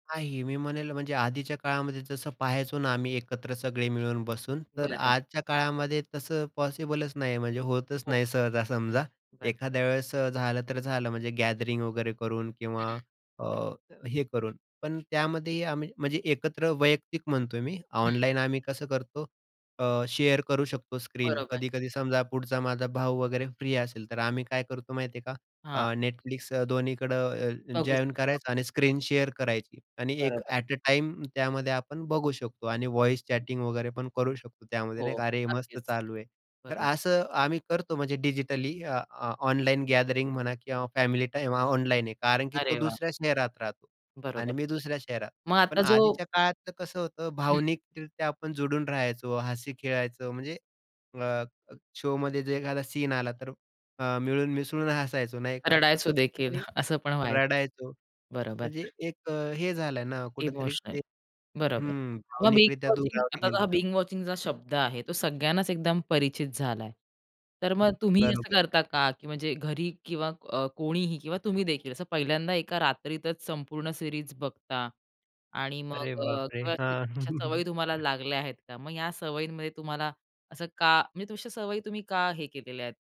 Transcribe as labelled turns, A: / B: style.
A: नाही, मी म्हणेल म्हणजे आधीच्या काळामध्ये जसं पाहायचो ना आम्ही एकत्र सगळे मिळूनब बसून, तर
B: बरं.
A: आजच्या काळामध्ये तसं पॉसिबलच नाही म्हणजे होतच
B: हो.
A: नाही सहजा समजा.
B: बरोबर.
A: एखाद्या वेळेस झालं तर झालं म्हणजे गॅदरिंग वगैरे करून
B: हं,
A: किंवा
B: हं.
A: अ, हे करून. पण त्यामध्येही आम्ही म्हणजे एकत्र वैयक्तिक म्हणतोय मी
B: हं.
A: ऑनलाईन आम्ही कसं करतो अ, शेअर करू शकतो, स्क्रीन
B: बरोबर.
A: कधी-कधी समजा पुढचा माझा भाऊ वगैरे फ्री असेल, तर आम्ही काय करतो माहिती आहे का?
B: हां.
A: अ, Netflix दोन्हीकडं अ,
B: बघू
A: जॉइन
B: शकतो
A: करायचं
B: आपण.
A: आणि स्क्रीन शेअर करायची आणि एक
B: बरोबर.
A: ॲट अ, टाईम त्यामध्ये आपण बघू शकतो आणि व्हॉईस चॅटिंग वगैरे पण करू शकतो त्यामध्ये नाही
B: हो.
A: का, "अरे मस्त
B: नक्कीच.
A: चालू आहे." तर
B: बरोबर.
A: असं आम्ही करतो म्हणजे डिजिटली अ, ऑ ऑनलाईन गॅदरिंग म्हणा किंवा फॅमिली टाईम ऑनलाईन आहे. कारण की तो
B: अरे वाह!
A: दुसऱ्या शहरात राहतो
B: बरोबर.
A: आणि मी दुसऱ्या शहरात.
B: मग आता
A: पण
B: जो
A: आधीच्या काळातलं कसं होतं,
B: हं.
A: भावनिकरित्या आपण जोडून राहायचो, हसी खेळायचो, म्हणजे अ, शोमध्ये जर एखादा सीन आला तर, अ, मिळून मिसळून हसायचो नाही का.
B: रडायचो
A: तसं
B: देखील.
A: कुठेतरी
B: असं पण व्हायचं.
A: रडायचो.
B: बरोबर.
A: म्हणजे एक अ, हे झालाय ना कुठेतरी
B: इमोशनल.
A: ते
B: बरोबर.
A: हं
B: मग बिंज
A: भावनिकरित्या
B: वॉचिंग
A: दुरावले
B: आता हा
A: गेलोत आपण.
B: बिंज वॉचिंगचा शब्द आहे, तो सगळ्यांनाच एकदम परिचित झालाय. तर
A: हं,
B: मग तुम्ही असं
A: बरोबर.
B: करता का, की म्हणजे घरी किंवा अ कोणीही, किंवा तुम्ही देखील, असं पहिल्यांदा एका रात्रीतच संपूर्ण सीरीज बघता. आणि मग
A: अरे
B: अ,
A: बापरे!
B: [unintelligible]
A: हां.
B: अशा सवयी तुम्हाला लागल्या आहेत का? मग या सवयींमध्ये तुम्हाला असं का, म्हणजे अशा सवयी तुम्ही का हे केलेल्या आहेत?